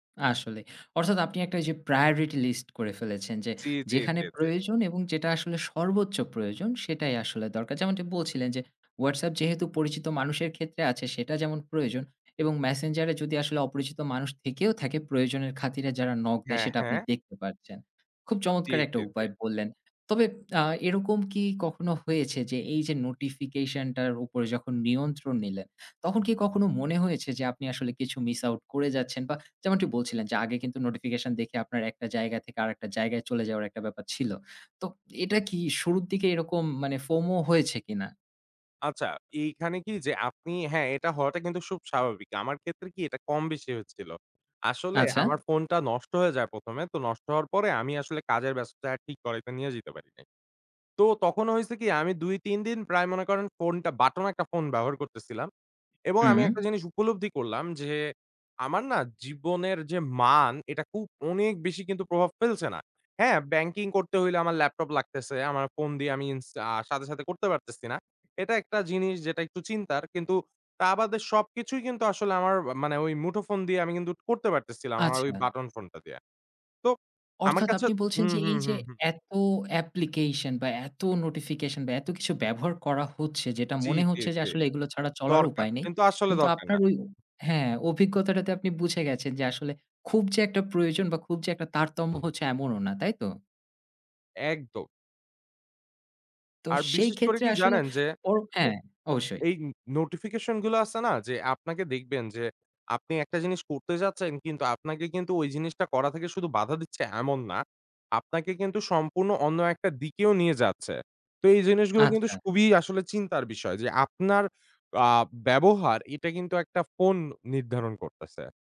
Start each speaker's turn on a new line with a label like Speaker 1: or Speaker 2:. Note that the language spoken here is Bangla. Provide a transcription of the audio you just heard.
Speaker 1: আসলেই। অর্থাৎ আপনি একটা ঐ যে priority list করে ফেলেছেন যে,
Speaker 2: জ্বি, জ্বি,
Speaker 1: যেখানে
Speaker 2: জ্বি, জ্বি।
Speaker 1: প্রয়োজন এবং যেটা আসলে সর্বোচ্চ প্রয়োজন, সেটাই আসলে দরকার। যেমনটি বলছিলেন যে WhatsApp যেহেতু পরিচিত মানুষের ক্ষেত্রে আছে সেটা যেমন প্রয়োজন, এবং Messenger এ যদি আসলে অপরিচিত মানুষ থেকেও থাকে প্রয়োজনের খাতিরে যারা knock দেয়
Speaker 2: হ্যাঁ,
Speaker 1: সেটা আপনি
Speaker 2: হ্যাঁ।
Speaker 1: দেখতে পাচ্ছেন। খুব
Speaker 2: জ্বি,
Speaker 1: চমৎকার একটা
Speaker 2: জ্বি, জ্বি।
Speaker 1: উপায় বললেন। তবে আ এরকম কি কখনো হয়েছে যে এই যে নোটিফিকেশন টার উপরে যখন নিয়ন্ত্রণ নিলেন, তখন কি কখনো মনে হয়েছে যে আপনি আসলে কিছু miss out করে যাচ্ছেন? বা যেমনটি বলছিলেন যে আগে কিন্তু নোটিফিকেশন দেখে আপনার একটা জায়গা থেকে আরেকটা জায়গায় চলে যাওয়ার একটা ব্যাপার ছিল। তো এটা কি শুরুর দিকে এরকম মানে FOMO হয়েছে কিনা?
Speaker 2: আচ্ছা, এইখানে কি যে আপনি, হ্যাঁ এটা হওয়াটা কিন্তু খুব স্বাভাবিক। আমার ক্ষেত্রে কি, এটা কম বেশি হয়েছিল। আসলে
Speaker 1: আচ্ছা।
Speaker 2: আমার ফোনটা নষ্ট হয়ে যায় ১ম এ। তো নষ্ট হওয়ার পরে আমি আসলে কাজের ব্যস্ততায় আর ঠিক করাইতে নিয়ে যাইতে পারি নাই। তো তখনো হইছে কি, আমি ২, ৩ দিন প্রায় মনে করেন ফোনটা বাটন একটা ফোন ব্যবহার করতেছিলাম। এবং আমি
Speaker 1: হুম।
Speaker 2: একটা জিনিস উপলব্ধি করলাম যে, আমার না জীবনের যে মান, এটা খুব অনেক বেশি প্রভাব ফেলছে না। হ্যাঁ, ব্যাংকিং করতে হইলে আমার ল্যাপটপ লাগতেছে। আমার ফোন দিয়ে আমি ইন্স আ সাথে, সাথে করতে পারতেছি না। এটা একটা জিনিস যেটা একটু চিন্তার। কিন্তু তা বাদে সবকিছুই কিন্তু আসলে আমার আ মানে ওই মুঠোফোন দিয়ে আমি কিন্তু করতে পারতেছিলাম আমার ওই
Speaker 1: আচ্ছা।
Speaker 2: বাটন ফোনটা দিয়ে। তো আমার
Speaker 1: অর্থাৎ
Speaker 2: কাছে
Speaker 1: আপনি বলছেন
Speaker 2: হুম,
Speaker 1: যে এই
Speaker 2: হুম,
Speaker 1: যে
Speaker 2: হুম, হুম।
Speaker 1: এতো application বা এতো নোটিফিকেশন বা এত কিছু ব্যবহার করা হচ্ছে যেটা
Speaker 2: জ্বি,
Speaker 1: মনে
Speaker 2: জ্বি,
Speaker 1: হচ্ছে যে
Speaker 2: জ্বি।
Speaker 1: আসলে এগুলো ছাড়া চলার
Speaker 2: দরকার।
Speaker 1: উপায় নেই,
Speaker 2: কিন্তু আসলে
Speaker 1: কিন্তু
Speaker 2: দরকার
Speaker 1: আপনার
Speaker 2: না।
Speaker 1: ঐ হ্যাঁ অভিজ্ঞতাটাতে আপনি বুঝে গেছেন যে আসলে খুব যে একটা প্রয়োজন বা খুব যে একটা তারতম্য হচ্ছে এমনও না, তাই তো?
Speaker 2: একদম।
Speaker 1: তো
Speaker 2: আর
Speaker 1: সেই
Speaker 2: বিশেষ করে
Speaker 1: ক্ষেত্রে
Speaker 2: কি
Speaker 1: আসলে
Speaker 2: জানেন যে,
Speaker 1: ওর
Speaker 2: এ
Speaker 1: হ্যাঁ, অবশ্যই।
Speaker 2: এই নোটিফিকেশন গুলা আছে না? যে, আপনাকে দেখবেন যে, আপনি একটা জিনিস করতে যাচ্ছেন, কিন্তু আপনাকে কিন্তু ওই জিনিসটা করা থেকে শুধু বাধা দিচ্ছে এমন না। আপনাকে কিন্তু সম্পূর্ণ অন্য একটা দিকেও নিয়ে যাচ্ছে। তো এই জিনিসগুলো কিন্তু স
Speaker 1: আচ্ছা।
Speaker 2: খুবই আসলে চিন্তার বিষয়। যে আপনার আ ব্যবহার, এটা কিন্তু একটা ফোন নির্ধারণ করতেছে।